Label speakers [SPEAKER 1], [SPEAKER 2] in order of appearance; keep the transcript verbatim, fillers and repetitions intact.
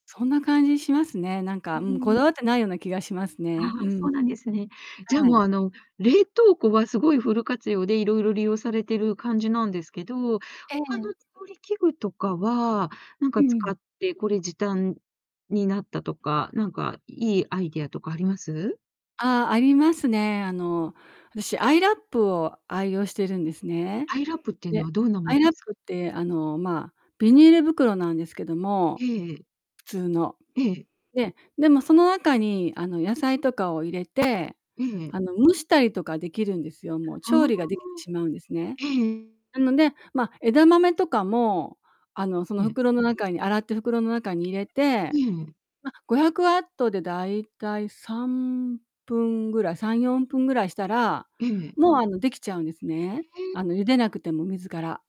[SPEAKER 1] そんな感じしますね。なんか
[SPEAKER 2] う
[SPEAKER 1] うん、こ
[SPEAKER 2] ん。
[SPEAKER 1] だわってないような気がしますね。
[SPEAKER 2] あ
[SPEAKER 1] う
[SPEAKER 2] あ、そ
[SPEAKER 1] ん。
[SPEAKER 2] うなんですね。じゃあ
[SPEAKER 1] は
[SPEAKER 2] もう、
[SPEAKER 1] い。
[SPEAKER 2] あの、冷凍庫はすごいフル活用で色々利用されてる感じなんですけど、
[SPEAKER 1] え
[SPEAKER 2] 他
[SPEAKER 1] え。
[SPEAKER 2] の調理器具とかは、なん
[SPEAKER 1] う
[SPEAKER 2] か
[SPEAKER 1] ん。
[SPEAKER 2] 使ってこれ時短になったとか、なんかいいアイデアとかあります？
[SPEAKER 1] あ、ありますね。あの、私アイラップを愛用してるんですね。
[SPEAKER 2] アイラップっていうの
[SPEAKER 1] で、
[SPEAKER 2] はどんなも
[SPEAKER 1] ア
[SPEAKER 2] の
[SPEAKER 1] イラ
[SPEAKER 2] で
[SPEAKER 1] ッ
[SPEAKER 2] すか？
[SPEAKER 1] プって、あの、まあ、ビニール袋なんですけど
[SPEAKER 2] え
[SPEAKER 1] も、
[SPEAKER 2] えええ。
[SPEAKER 1] 普通の。
[SPEAKER 2] ええ。
[SPEAKER 1] で、でもその中に、あの、野菜とかを入れて、
[SPEAKER 2] ええええ。
[SPEAKER 1] あの、蒸したりとか出来るんですよ。もう
[SPEAKER 2] あ
[SPEAKER 1] 調理が出来て
[SPEAKER 2] あ。
[SPEAKER 1] しまうんですね。
[SPEAKER 2] ええ。
[SPEAKER 1] なので、ま、枝豆とかも、あの、その
[SPEAKER 2] ええ。
[SPEAKER 1] 袋の中に洗って袋の中に入れて、
[SPEAKER 2] ええ。
[SPEAKER 1] ま、ごひゃくわっとで大体さんぷんぐらい、さんよんぷんぐらいしたら、
[SPEAKER 2] ええ。
[SPEAKER 1] もうあの、出来ちゃうんです
[SPEAKER 2] へ
[SPEAKER 1] ね。
[SPEAKER 2] え。
[SPEAKER 1] あの、茹でなくても、水から。